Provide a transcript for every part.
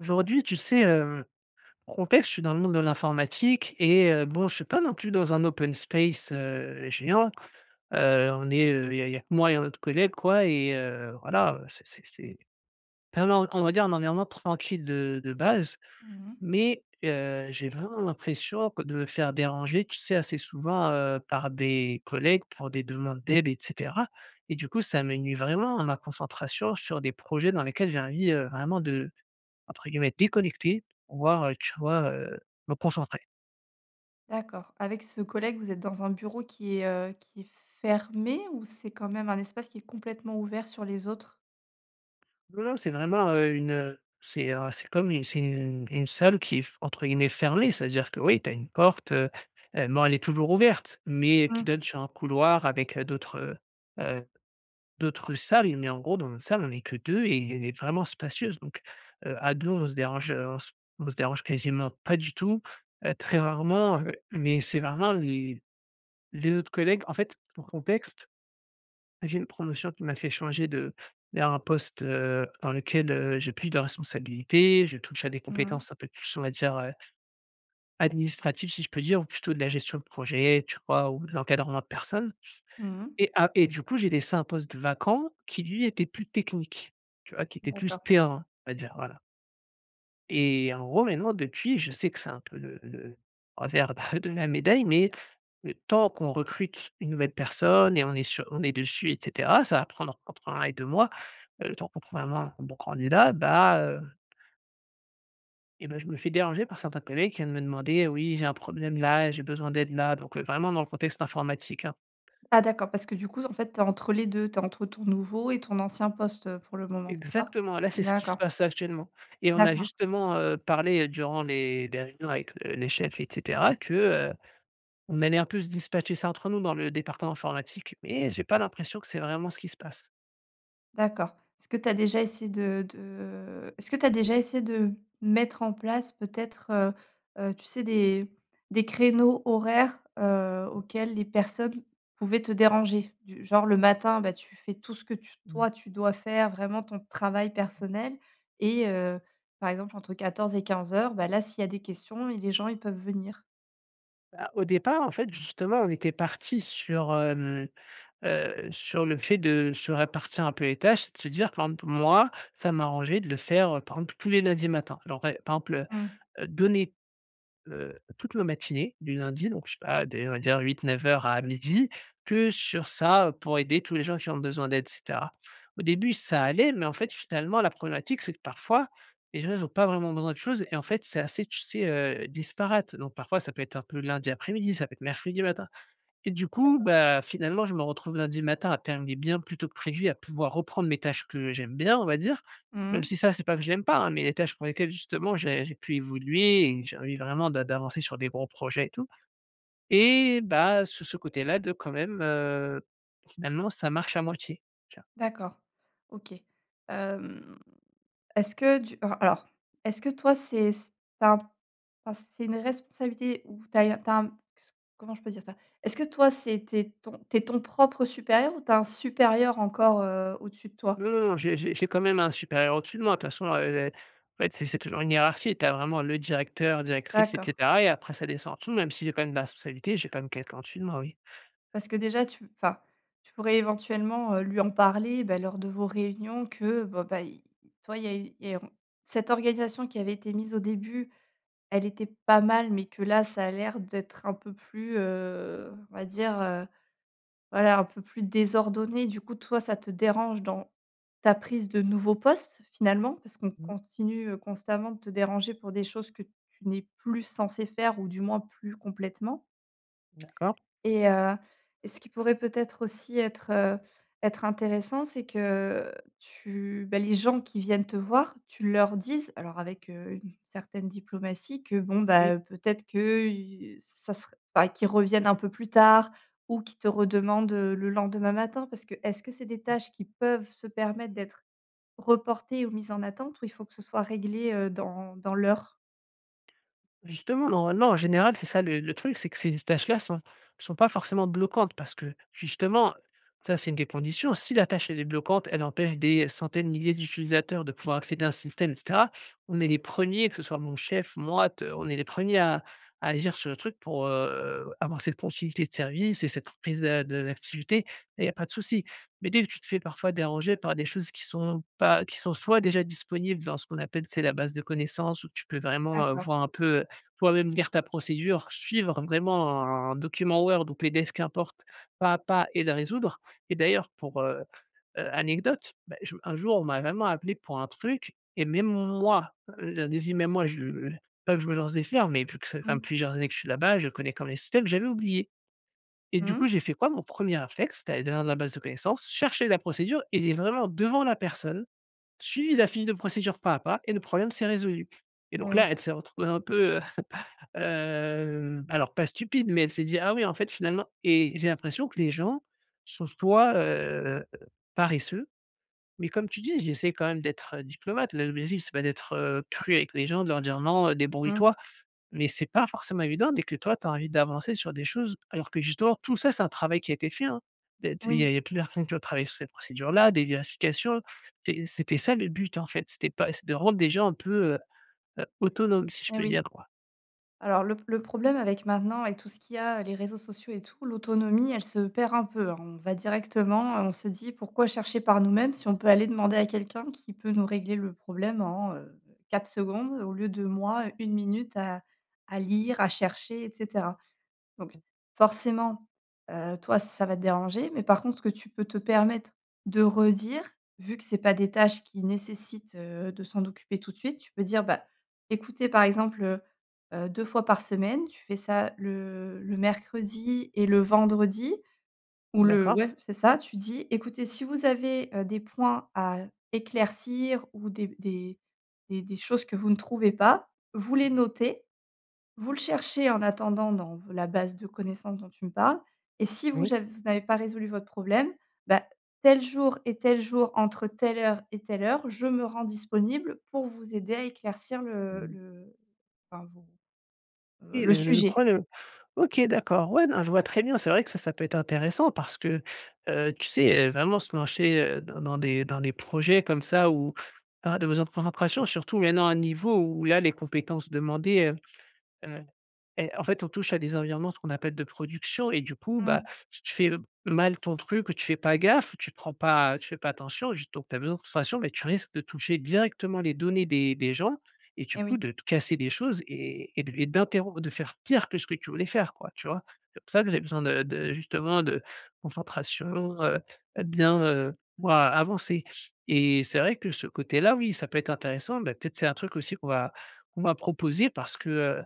Aujourd'hui, tu sais, heu, contexte, je suis dans le monde de l'informatique et heu, bon, je suis pas non plus dans un open space, heu, géant, heu, on est, heu, il y a il y a que moi et un autre collègue, quoi, et heu, voilà, heu, c'est c'est c'est enfin, non, on va dire, un environnement tranquille de de base Mmh mh. mais, heu, j'ai vraiment l'impression que de me faire déranger tu sais, assez souvent, heu, par des collègues pour des demandes d'aide et cetera et du coup, ça me nuit vraiment à ma concentration sur des projets dans lesquels j'ai envie, heu, vraiment de, entre guillemets «déconnecter», voir, heu, tu vois, heu, me concentrer. D'accord, avec ce collègue, vous êtes dans un bureau qui est, heu, qui est fermé ou c'est quand même un espace qui est complètement ouvert sur les autres? Non, non, c'est vraiment, heu, une, heu, c'est, heu, c'est comme une c'est une une salle qui est f entre guillemets «fermée». C'est-à-dire que, oui, tu as une porte, heu heu, bon, elle est toujours ouverte mais qui Mmh. donne sur un couloir avec, heu, d'autres, heu heu, d'autres salles. Mais, en gros, dans notre salle on est que 2 et elle est vraiment spacieuse donc, heu, à 2, on se dérange, heu, on s on se dérange quasiment pas du tout, heu, très rarement, heu. Mais c'est vraiment les les autres collègues, en fait, pour contexte, j'ai une promotion qui m'a fait changer de vers un poste, heu, dans lequel, heu, j'ai plus de responsabilités, je touche à des Mmh mh. compétences un peu plus on va dire, heu administratives, si je peux dire ou plutôt de la gestion de projet, tu vois? Ou de l'encadrement de personnes Mmh mh. et a et du coup, j'ai laissé un poste vacant, qui lui était plus technique. Tu vois? Qui était plus D'accord. terrain à dire, voilà. Et en gros, maintenant, depuis je sais que c'est un peu le le revers, heu, de la médaille mais le temps qu'on recrute, 1 nouvelle personne et on est sur on est dessus et cetera ça va prendre, entre 1 et 2 mois, heu, le temps qu'on trouve vraiment, 1 bon candidat, bah, heu et bah, je me fais déranger par certains collègues qui viennent me demander, heu: «Oui, j'ai un problème là, j'ai besoin d'aide là.» donc, heu, vraiment dans le contexte informatique, hein. Ah d'accord, parce que du coup, en fait, tu es entre les 2, tu es entre ton nouveau et ton ancien poste, heu, pour le moment, c'est ça? Exactement, là c'est N ce qui se d'accord. passe là actuellement. Et on a D'accord. justement, heu, parlé, heu, durant les des réunions avec, heu, le les chefs et cetera que, heu, on allait un peu se dispatcher ça, entre nous dans le département informatique, mais, heu, j'ai pas l'impression que c'est vraiment ce qui se passe. D'accord. Est-ce que tu as déjà essayé de de est-ce que tu as déjà essayé de, mmh, mettre en place peut-être, heu heu, tu sais des des créneaux, horaires, heu, Mmh. auxquels les personnes, pouvaient te déranger? Du genre, le matin, bah, tu fais tout ce que tu Mmh. toi, tu dois faire vraiment ton travail Mmh. personnel et heu, par exemple, entre 14:00 et 15:00, bah, là s'il y a des questions et les gens, ils peuvent venir. Bah au départ, en fait, justement, on était parti sur, hem, heu heu, sur le fait de se répartir un peu les tâches et de se dire, par exemple, moi, ça m'arrangeait de le faire, heu, par exemple, tous les lundis matin. Alors et par exemple, Mmh. heu, donner, heu, toutes nos matinées du lundi donc je sais pas, dès on va dire 08:00-09:00 à 12:00 que sur ça, heu, pour aider tous les gens qui ont besoin d'aide et cetera. Au début, ça allait mais, en fait, finalement, la problématique c'est que parfois, les gens, ils ont pas vraiment besoin de choses et en fait, c'est assez, tu sais, heu, disparate, donc parfois ça peut être un peu lundi après-midi, ça peut être mercredi matin et du coup, D'accord. bah, finalement, je me retrouve lundi matin à terminer bien plus tôt que prévu, à pouvoir reprendre mes tâches que j'aime bien, on va dire, Mmh même mh. si ça c'est pas que je l'aime pas, hein, mais les tâches pour lesquelles justement j'ai j'ai pu évoluer et j'ai envie vraiment d'a d'avancer sur des gros projets et tout et bah sur ce côté-là de, quand même, heu, finalement, ça marche à moitié. Tu vois? D'accord. OK, hem, est-ce que du, heu, alors, est-ce que toi c'est s tu as p enfin, c'est une responsabilité où tu as eu un tu as un q s comment je peux dire ça? Est-ce que toi, c'est tu es ton tu es ton propre supérieur ou tu as un supérieur encore, heu, au-dessus de toi? Non, non, non. J'ai j'ai j'ai quand même un supérieur au-dessus de moi de façon, heu heu, en fait, c c'est toujours une hiérarchie, tu as vraiment le directeur, directrice et D'accord. cetera et après ça descends en dessous même si j'ai quand même des responsabilités, j'ai quand même quelqu'un au-dessus de moi, oui. Parce que déjà tu, enfin, tu pourrais éventuellement, heu, lui en parler, bah lors de vos réunions que bon, bah il il tu vois, il y a eu et on cette organisation qui avait été mise au début, elle était pas mal mais que là, ça a l'air d'être un peu plus, heu, on va dire, heu, voilà, un peu plus désordonné, du coup, toi, ça te dérange dans ta prise de nouveau poste, finalement, parce qu'on Mmh. continue, heu, constamment de te déranger pour des choses que tu n'es plus censé faire ou du moins plus complètement D'accord. et heu et ce qui pourrait peut-être aussi être, heu, être intéressant, c'est que tu bah les gens qui viennent te voir, tu leur disent, alors avec, heu, une certaine diplomatie, que bon, Oui. bah, heu, peut-être que, heu, ça serait bah qu'ils reviennent un peu plus tard ou qu'ils te redemandent, heu, le lendemain matin parce que est-ce que c'est des Mmh. tâches qui peuvent se permettre d'être reportées ou mises en attente ou il faut que ce soit réglé, heu, dans dans l'heure? Justement, normalement en général, c'est ça le le truc, c'est que ces tâches-là sont sont pas forcément bloquantes parce que, justement, ça c'est 1 des conditions. Si la tâche elle est bloquante, elle empêche des centaines de milliers d'utilisateurs de pouvoir accéder à un système et cetera, on est les 1ers que ce soit mon chef moi t on est les 1ers à à agir sur le truc pour, heu, avoir cette continuité de service et cette prise d'a de d'activité et il y a pas de souci. Mais dès que tu te fais parfois déranger par des choses qui sont pas qui sont, soit déjà disponibles dans ce qu'on appelle, tu sais, la base de connaissance où tu peux vraiment D'accord. voir un peu, heu, toi-même lire ta procédure, suivre vraiment un document Word ou PDF qu'importe pas à pas et le résoudre et d'ailleurs pour, heu heu, anecdote, bah, j un jour on m'a vraiment appelé pour un truc et même moi leur disi même moi je j pas que je me lance des fleurs mais vu que ça ça m fait Mmh. plusieurs années que je suis là-bas, je connais comme même les systèmes, j'avais oublié et Mmh du mh. coup, j'ai fait quoi? Mon 1er réflexe c'est d'aller dans la base de connaissance, chercher la procédure et lire vraiment devant la personne, suivi la fiche de procédure pas à pas et le problème, s'est résolu et donc Oui. là, elle s'est retrouvée dans un peu, heu, hem, alors pas stupide, mais elle s'est dit: «Ah oui, en fait, finalement» et j'ai l'impression que les gens sont soit, heu, paresseux. Mais comme tu dis, j'essaie quand même d'être diplomate. Le l'objectif c'est pas d'être, heu, cru avec les gens de leur dire: «Non heu, Mmh. débrouille-toi» mais c'est pas forcément évident dès que toi tu as envie d'avancer sur des choses alors que, justement, tout ça c'est un travail qui a été fait, hein. Beh, t il y Oui. a il y a plusieurs personnes qui ont travaillé sur cette procédure-là, des vérifications, té heu, c'était ça le but en fait, c'était pas et s de rendre des gens un peu, heu heu, autonomes si je Et peux oui. dire quoi. Alors le p le problème avec maintenant, avec tout ce qu'il y a, les réseaux sociaux et tout, l'autonomie, elle se perd un peu, hein. On va directement, Mmh. heu, on se dit: «Pourquoi chercher par nous-mêmes si on peut aller demander à quelqu'un qui peut nous régler le problème en, heu, 4 secondes au lieu de moi 1 minute à à lire, à chercher et cetera» donc, forcément, heu, toi ça va te déranger, mais par contre ce que tu peux te permettre de redire, vu que c'est pas des tâches qui nécessitent de s'en occuper tout de suite, tu peux dire: «Bah, écoutez par exemple, heu heu, 2 fois par semaine», tu fais ça le le mercredi et le vendredi. Ou le D'accord. ouais c'est ça. Tu dis: «Écoutez si vous avez, heu, des points à éclaircir ou des b des des des choses que vous ne trouvez pas, vous les Mmh mh. notez. Vous le cherchez en attendant dans v la base de connaissance» dont tu me parles: «et si je Oui. vous aj v vous n'avez pas résolu votre problème, bah, tel jour et tel jour entre telle heure et telle heure, je me rends disponible pour vous aider à éclaircir Mmh le mh. le, enfin, vos heu, Oui le le le le sujet». problème. OK, d'accord. Ouais. Non je vois très bien, c'est vrai que ça, ça peut être intéressant parce que, heu, tu sais, heu, vraiment se lancer, heu, dans dans des dans des projets comme ça, où avoir des besoin pour faire en pression. Surtout il y en a un niveau où il y a les compétences demandées, hem, heu et en fait, on touche à des environnements, ce qu'on appelle «de production» et du coup, bah, Mmh. t tu fais, heu, b mal ton truc, ou tu fais pas gaffe, ou tu te prends pas tu fais pas attention, juste donc tu as besoin de concentration, bah, tu risques de toucher directement les données des des gens et du Et coup, oui. de t casser des choses et et de l et d'interrom de faire pire que ce que tu voulais faire quoi, tu vois? C'est pour ça que j'ai besoin de de, justement, de concentration, heu heu, bien, heu, moi avancer et c'est vrai que ce côté-là, oui, ça peut être intéressant, bah, peut-être c'est un truc aussi qu'on va qu'on m'a proposé parce que, heu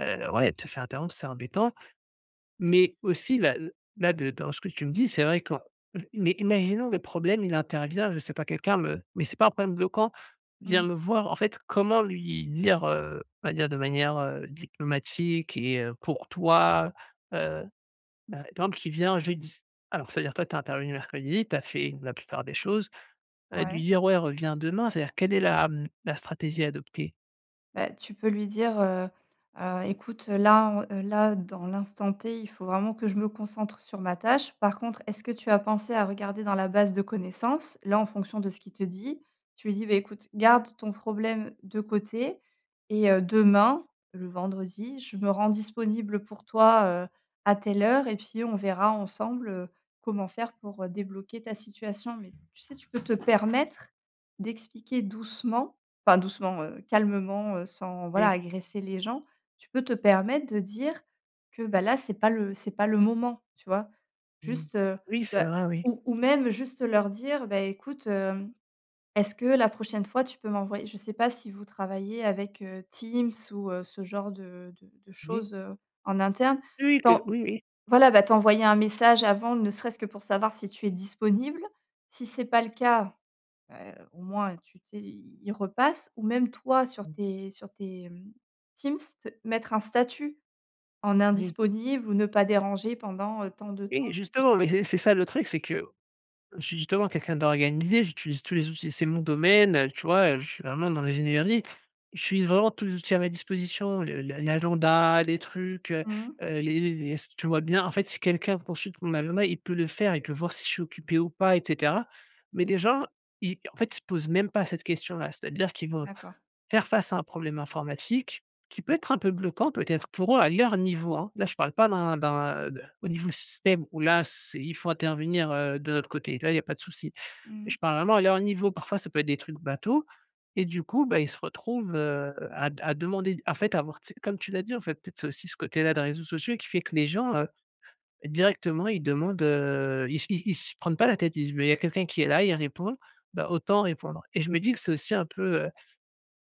heu, ouais, te faire interrompre c'est embêtant. Mais aussi là l là de dans ce que tu me dis c'est vrai quand mais imaginons le problème, il intervient je sais pas, quelqu'un me mais c'est pas un problème bloquant vient Mmh. me voir en fait comment lui lire, heu, on va dire de manière, heu, diplomatique et heu, pour toi? Heu, ben, exemple, qui vient jeudi, alors c'est-à-dire toi tu es intervenu mercredi, tu as fait, mmh, la plupart des choses et de Ouais. lui dire: «Ouais, revient demain» c'est-à-dire quelle est la, mmh, la stratégie adoptée? Bah, tu peux lui dire, heu heu: «Écoute, là, en heu, là, dans l'instant T, il faut vraiment que je me concentre sur ma tâche. Par contre, est-ce que tu as pensé à regarder dans la base de connaissances?» là, en fonction de ce qu'il te dit, tu lui dis: «Beh écoute, garde ton problème de côté, et heu, demain, le vendredi, je me rends disponible pour toi, heu, à telle heure et puis on verra ensemble, heu, comment faire pour, heu, débloquer ta situation.» mais tu sais, tu peux te permettre d'expliquer doucement, enfin, doucement, heu, calmement, heu, sans, voilà, Oui. agresser les gens, tu peux te permettre de dire que bah, là, c'est pas le c'est pas le moment, tu vois? Mmh. Juste, heu, Oui, c'est bah, vrai, oui. ou ou même juste leur dire: «Bah, écoute, hem, est-ce que la prochaine fois tu peux m'envoyer» je sais pas si vous travaillez avec, heu, Teams ou heu, ce genre de de de Oui. choses, heu, en interne, Oui, oui, qu t'en oui, oui. voilà, bah, t'envoyer un message avant, ne serait-ce que pour savoir si tu es disponible. Si c'est pas le cas, heu, au moins, tu t'es il repasse ou même toi, sur Mmh. tes sur tes, mmh, Teams, t mettre un statut en Oui. «Indisponible» ou «Ne pas déranger» pendant, heu, tant de Oui, temps. [unintelligible] justement, mais c'est c'est ça, le truc, c'est que je suis, justement, quelqu'un d'organisé. J'utilise tous les outils, c'est mon domaine, heu, tu vois? Heu, je suis vraiment dans l'ingénierie. J'utilise vraiment tous les outils à ma disposition, le l l'agenda, les trucs, heu Mmh mh. heu, les les les s tu vois bien, en fait, si quelqu'un consulte mon agenda, il peut le faire, il peut voir si je suis occupé ou pas et cetera. Mais les gens, i en fait, ils se posent même pas cette question-là. C'est-à-dire qu'ils vont D'accord. faire face à un problème informatique, qui peut être un peu bloquant, peut-être, pour eux, à leur niveau, hein. Là, je parle pas d'un d'un, heu, au niveau du système, où là c'est il faut intervenir, heu, de notre côté. Là, il y a pas de souci. Mmh Mais mh. je parle vraiment à leur niveau. Parfois, ça peut être des trucs bateaux et du coup, bah, ils se retrouvent, heu, à d à demander, en fait, à avoir, tu sais, comme tu l'as dit, en fait, peut-être, c'est aussi ce côté-là des réseaux sociaux, qui fait que les gens, heu, directement, ils demandent, heu ils s ils ils se prennent pas la tête, ils disent: «Mais il y a quelqu'un qui est là, et il répond, ben, autant répondre» et je me dis que c'est aussi un peu, heu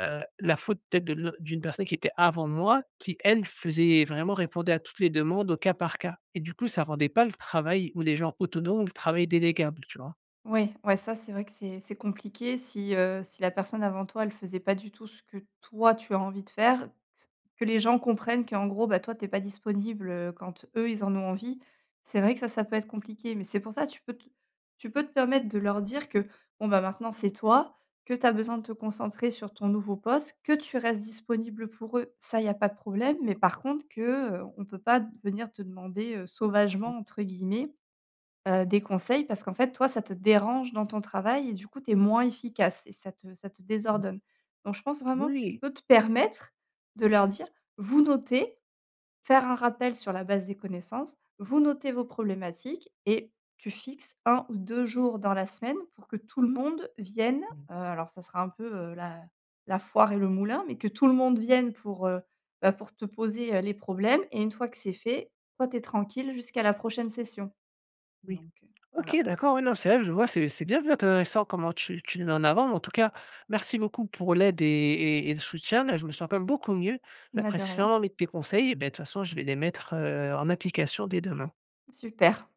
heu, la faute, peut-être, de l d'une personne qui était avant moi, qui, elle, faisait vraiment, répondait à toutes les demandes, au cas par cas et du coup, ça rendait pas le travail ou les gens autonomes ou le travail déléguable, tu vois? Ouais, ouais ça c'est vrai que c'est c'est compliqué si, heu, si la personne avant toi, elle faisait pas du tout ce que toi tu as envie de faire, que les gens comprennent qu'en gros, bah, toi tu es pas disponible, heu, quand eux, ils en ont envie. C'est vrai que ça ça peut être compliqué, mais c'est pour ça tu peux t tu peux te permettre de leur dire que bon, bah, maintenant, c'est toi, que tu as besoin de te concentrer sur ton nouveau poste, que tu restes disponible pour eux, ça il y a pas de problème, mais par contre que, heu, on peut pas venir te demander, heu, Mmh. «sauvagement» entre guillemets, heu, des conseils parce qu'en fait, toi ça te dérange dans ton travail et du coup, tu es moins efficace et ça te ça te Mmh. désordonne. Donc je pense vraiment que tu Oui! peux te permettre de leur dire: «Vous notez, faire un rappel sur la base des connaissances, vous notez vos problématiques.» et tu fixes 1 ou 2 jours dans la semaine pour que tout le monde vienne, Mmh. heu, alors ça sera un peu, heu, la la foire et le moulin, mais que tout le monde vienne pour, heu, bah, pour te poser, heu, les problèmes et une fois que c'est fait, toi tu es tranquille jusqu'à la prochaine session. Oui. Donc, heu, OK, voilà. d'accord, oui, non, c'est vrai, je vois, c'est c'est bien intéressant comment tu tu le mets en avant, mais en tout cas, merci beaucoup pour l'aide et et et le soutien là, je me sens quand même beaucoup mieux, la Mais de rien. pression avec tes conseils, et beh, de toute façon je vais les mettre, heu, en application dès demain. Super.